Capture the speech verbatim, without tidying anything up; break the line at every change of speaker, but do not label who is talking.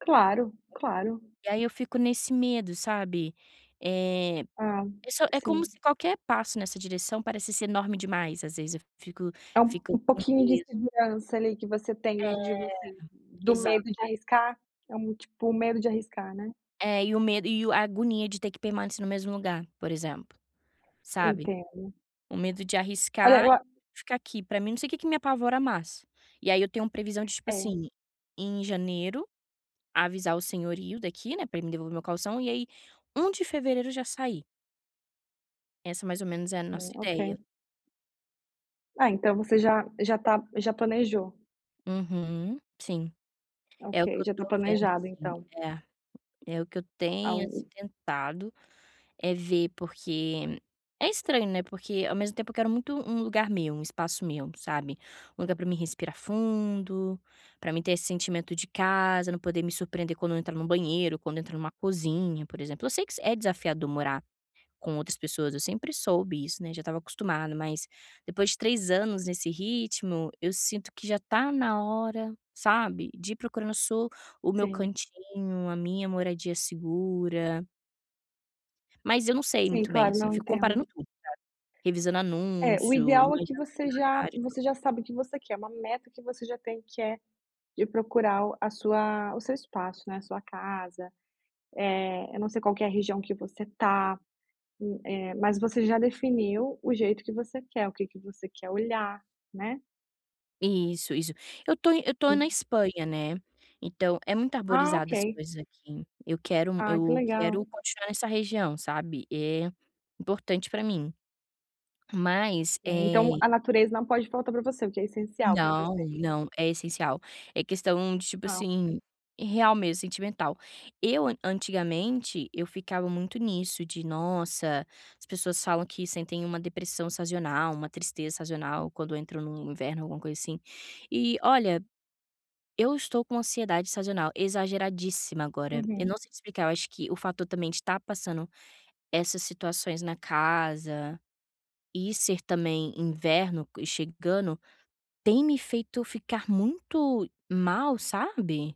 Claro, claro.
E aí eu fico nesse medo, sabe? Eh,
Ah,
é só é como
sim.
se qualquer passo nessa direção parecesse enorme demais. Às vezes, eu fico
É um
fico
um
com um
pouquinho de
peso.
insegurança ali que você tem
É,
dentro de você do medo
exato.
de arriscar? É um tipo medo de arriscar, né?
É. E o medo e o a agonia de ter que permanecer no mesmo lugar, por exemplo, sabe?
Entendo.
O medo de
Olha,
arriscar
eu a
ficar aqui. Pra mim, não sei o que me apavora mais. E aí eu tenho previsão de, tipo
É.
assim, em janeiro, avisar o senhorio daqui, né, pra ele me devolver o meu caução. E aí, um de fevereiro, já sair. Essa mais ou menos é a
Sim,
nossa ideia.
ok. É, então você já já está já planejou.
Uhum, sim. É
Ok,
o que eu
já está
estou vendo,
planejado,
assim.
então.
É, é o que eu
Ah,
tenho, assim,
o
tentado, eh, ver. Porque é estranho, né? Porque, ao mesmo tempo, eu quero muito um lugar meu, um espaço meu, sabe? Um lugar pra mim respirar fundo, pra mim ter esse sentimento de casa, não poder me surpreender quando eu entrar em um banheiro, quando entro em uma cozinha, por exemplo. Eu sei que isso é desafiador morar com outras pessoas. Eu sempre soube isso, né? Já estava acostumada. Mas, depois de três anos nesse ritmo, eu sinto que já está na hora, sabe, de ir procurar um so o meu
Sim.
cantinho, a minha moradia segura. Mas eu não sei
Sim.
muito bem,
Claro.
assim. Eu
Não,
fico
entendo.
comparando tudo, sabe, revisando
É, o
anúncio, imaginando
ideal é que você já
[unintelligible]
você já sabe o que você quer. É uma meta que você já tem que é de procurar o a sua o seu espaço, né, a sua casa. Eh, eu não sei qual que é a região que você está e eh, mas você já definiu o jeito que você quer, o que que você quer olhar, né?
Isso, isso. Eu estou eu estou na
Sim.
Espanha, né. Então é muito
Ah,
arborizada as
ok.
ruas daqui. Eu quero
Ah, que
eu
legal.
quero continuar nessa região, sabe. É importante para mim, mas,
Sim, então
eh
a natureza não pode faltar para você, o que é essencial para
Não,
você.
não. É essencial. É questão de, tipo
Tá.
assim, real mesmo, sentimental. Eu, antigamente, eu ficava muito nisso de: “Nossa, as pessoas falam que sentem uma depressão sazonal, uma tristeza sazonal quando entra no inverno, alguma coisa assim". E, olha, eu estou com ansiedade sazonal exageradíssima agora. Eu
Uhum.
não sei te explicar. Eu acho que o fato de eu também estar passando essas situações na casa e ser também inverno co chegando tem me feito ficar muito mal, sabe?